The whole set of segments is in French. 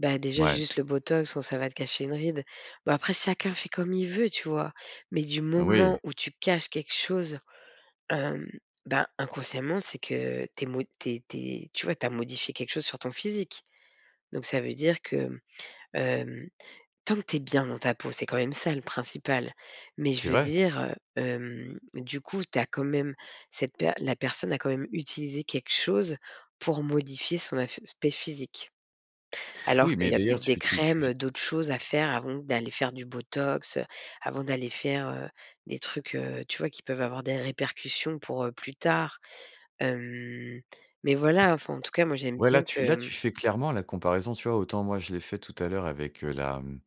Bah, déjà Mouais. juste le Botox, bon, ça va te cacher une ride. Bah, après, chacun fait comme il veut, tu vois? Mais du Oui. moment où tu caches quelque chose, hem, ben, inconsciemment, c'est que tu es mo tu es tu es tu vois, tu as modifié quelque chose sur ton physique? Donc ça veut dire que, hem, tant que tu es bien dans ta peau, c'est quand même ça le principal. Mais je C'est veux vrai! dire, heu, hem, du coup, tu as quand même cette per la personne a quand même utilisé quelque chose pour modifier son aspect physique, alors Oui, qu'il mais y a peut d'ailleurs, être des tu tu tu crèmes, v heu, d'autres choses à faire avant d'aller faire du Botox, heu, avant d'aller faire, heu, des trucs, heu, tu vois, qui peuvent avoir des répercussions pour, heu, plus tard. Hem, mais voilà, enfin, en tout cas, moi, j'aime Ouais, là, bien tu que, là, mmh tu fais clairement la comparaison, tu vois, autant, moi, je l'ai fait tout à l'heure avec, heu, la mmh,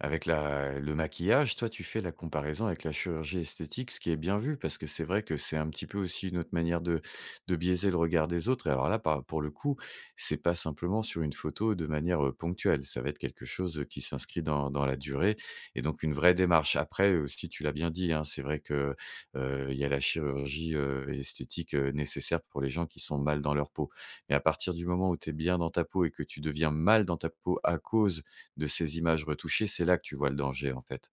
avec la le maquillage. Toi, tu fais la comparaison avec la chirurgie esthétique, ce qui est bien vu, parce que c'est vrai que c'est un petit peu aussi une autre manière de de biaiser le regard des autres. Et alors, là, par pour le coup, c'est pas simplement sur une photo de manière, heu, ponctuelle. Ça va être quelque chose, heu, qui s'inscrit dans dans la durée et donc une vraie démarche. Après aussi tu l'as bien dit, hein, c'est vrai que, heu, il y a la chirurgie, heu, esthétique, heu, nécessaire pour les gens qui sont mal dans leur peau. Mais à partir du moment où tu es bien dans ta peau et que tu deviens mal dans ta peau à cause de ces images retouchées, c'est là que tu vois le danger, en fait.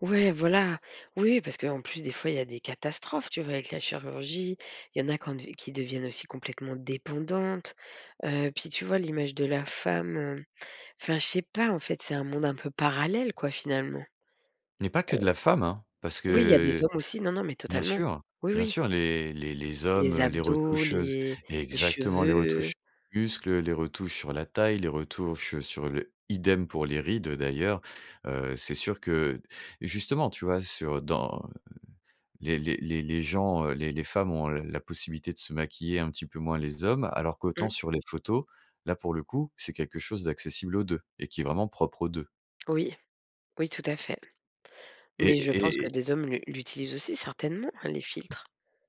Ouais, voilà, oui, oui parce qu'en plus, des fois, il y a des catastrophes, tu vois, avec la chirurgie, il y en a qu'en dev qui deviennent aussi complètement dépendantes, heu, puis tu vois l'image de la femme, hem enfin, je sais pas, en fait, c'est un monde un peu parallèle, quoi, finalement, heu Mais pas que de la femme, hein! Parce oui, il y a des que, hommes aussi non, non, mais bien totalement. sûr Oui, bien oui. sûr, les les les hommes, Les heu, les abdos, retouches, heu, s les les exactement, les retouches cheveux. du muscle, heu, les retouches sur la taille, les retouches, heu, sur le idem pour les rides, heu, d'ailleurs. Heu, c'est sûr que justement, tu vois, sur dans les les les les gens, heu, les les femmes ont, heu, la possibilité de se maquiller, un petit peu moins les hommes, alors qu'autant Mmh. sur les photos, là, pour le coup, c'est quelque chose d'accessible aux 2 et qui est vraiment propre aux 2. Oui. Oui, tout à fait. Et Mais je pense et que et des hommes le l'utilisent aussi, certainement, hein, les filtres?